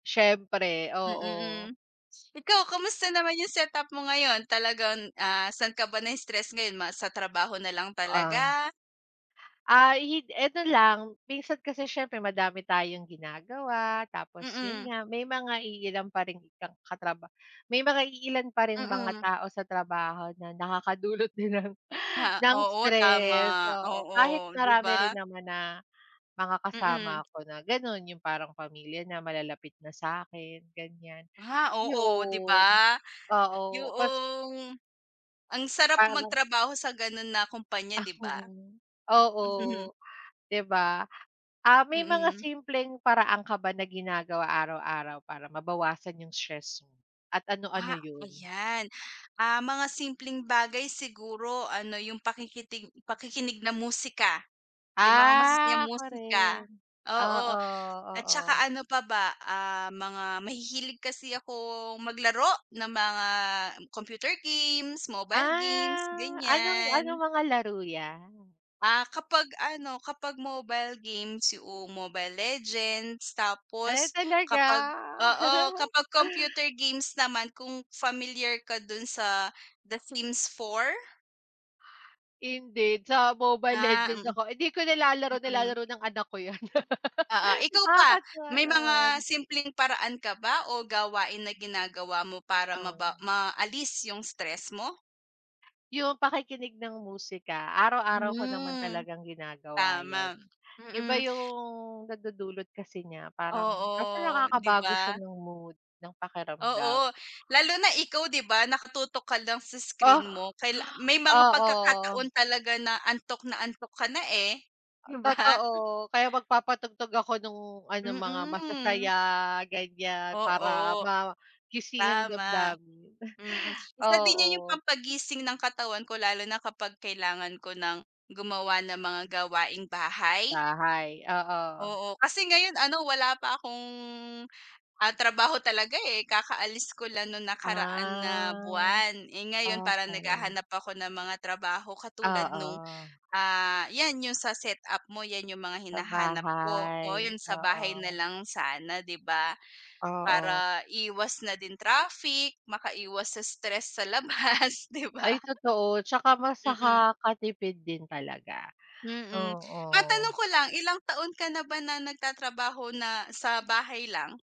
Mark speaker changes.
Speaker 1: Siyempre,
Speaker 2: Mm, mm.
Speaker 1: oo.
Speaker 2: Ikaw, kamusta naman 'yung setup mo ngayon? Talagang ah, saan ka ba na-stress ngayon? Ma sa trabaho na lang
Speaker 1: Ah.
Speaker 2: talaga?
Speaker 1: Ah, yun eto lang. Minsan kasi siyempre madami tayong ginagawa tapos yun
Speaker 2: Mm.
Speaker 1: nga may mga iilan pa ring ka katraba may mga iilan pa ring mga
Speaker 2: Mm.
Speaker 1: tao sa trabaho na nakakadulot din ng ng
Speaker 2: Oo,
Speaker 1: stress,
Speaker 2: tama.
Speaker 1: oo. Kahit
Speaker 2: Oo, 'di
Speaker 1: marami rin
Speaker 2: ba?
Speaker 1: naman na mga
Speaker 2: Mm.
Speaker 1: kasama ko na gano'n 'yung parang pamilya na, malalapit na sa akin, ganyan.
Speaker 2: Ah, oo, 'di
Speaker 1: 'Yoon.
Speaker 2: ba?
Speaker 1: Oo, bas
Speaker 2: 'Yoong ang sarap
Speaker 1: Parang
Speaker 2: magtrabaho sa gano'n na kompanya
Speaker 1: Ah,
Speaker 2: 'di ba?
Speaker 1: oo. Oo,
Speaker 2: Mhm.
Speaker 1: 'di ba? Ah, may mga
Speaker 2: Mm.
Speaker 1: simpleng paraan ka ba na ginagawa araw-araw para mabawasan 'yung stress at ano-ano
Speaker 2: Ah,
Speaker 1: yun?
Speaker 2: ayan. Ah mga simpleng bagay siguro ano, 'yung pakikitig pakikinig ng musika, 'yung mga masasayang
Speaker 1: Ah, ako
Speaker 2: musika,
Speaker 1: rin.
Speaker 2: oo.
Speaker 1: Oo,
Speaker 2: At saka
Speaker 1: oo.
Speaker 2: ano pa ba? Ah, mga mahihilig kasi akong maglaro ng mga computer games, mobile games,
Speaker 1: Ah. Anong anong
Speaker 2: ganyan.
Speaker 1: mga laro 'yan?
Speaker 2: Ah, kapag ano kapag mobile games 'yoong Mobile Legends.
Speaker 1: Eh,
Speaker 2: Tapos,
Speaker 1: talaga?
Speaker 2: kapag oo, kapag computer games naman kung familiar ka do'n sa The Sims 4?
Speaker 1: Hindi, sa Mobile
Speaker 2: Ah,
Speaker 1: Legends
Speaker 2: mm.
Speaker 1: ako. Hindi ko nilalaro,
Speaker 2: Mm.
Speaker 1: nilalaro ng anak ko 'yan.
Speaker 2: Oo. Ikaw ba,
Speaker 1: Nakakatuwa
Speaker 2: may
Speaker 1: naman.
Speaker 2: mga simpleng paraan ka ba o gawain na ginagawa mo para maba
Speaker 1: O.
Speaker 2: maalis 'yung stress mo?
Speaker 1: 'Yung pakikinig ng musika, araw-araw ko naman
Speaker 2: Mm.
Speaker 1: talagang ginagawa 'yan.
Speaker 2: Tama.
Speaker 1: Iba
Speaker 2: Mm.
Speaker 1: 'yung nadudulot kasi niya, parang basta
Speaker 2: Oo, 'di
Speaker 1: nakakabago siya
Speaker 2: ba?
Speaker 1: ng mood, ng pakiramdam.
Speaker 2: Oo. Lalo na ikaw 'di ba, nakatutok ka lang sa
Speaker 1: O?
Speaker 2: screen mo. Kaila may mga
Speaker 1: Oo.
Speaker 2: pagkakataon talaga na antok na antok ka na eh, 'di ba?
Speaker 1: Totoo. Kaya magpapatugtog ako 'nung ano, mga
Speaker 2: Mm.
Speaker 1: masasaya, ganyan, para
Speaker 2: Oo.
Speaker 1: magising ang
Speaker 2: Tama.
Speaker 1: damdamin.
Speaker 2: Mm, isa din yun 'yung
Speaker 1: Oo.
Speaker 2: pampagising ng katawan ko lalo na kapag kailangan ko nang gumawa ng mga gawaing-bahay?
Speaker 1: Bahay? Oo.
Speaker 2: Oo, kasi ngayon ano, wala pa akong, ah trabaho talaga eh. Kakaalis ko lang 'nung nakaraan na
Speaker 1: Ah.
Speaker 2: buwan. Eh ngayon, parang
Speaker 1: Okey.
Speaker 2: naghahanap ako ng mga trabaho katulad 'nung,
Speaker 1: Oo.
Speaker 2: ah, 'yan 'yung sa setup mo, 'yan 'yung mga
Speaker 1: Sa
Speaker 2: hinahanap ko. Oo,
Speaker 1: bahay.
Speaker 2: yun sa bahay na
Speaker 1: Oo.
Speaker 2: lang sana, 'di ba?
Speaker 1: Oo.
Speaker 2: Para iwas na din traffic, makaiwas sa stress sa labas, 'di ba?
Speaker 1: Ay, totoo. Tsaka mas
Speaker 2: Mm.
Speaker 1: nakakatipid din talaga.
Speaker 2: Mm. Matanong
Speaker 1: Oo.
Speaker 2: ko lang, ilang taon ka na ba na nagtatrabaho na sa bahay lang?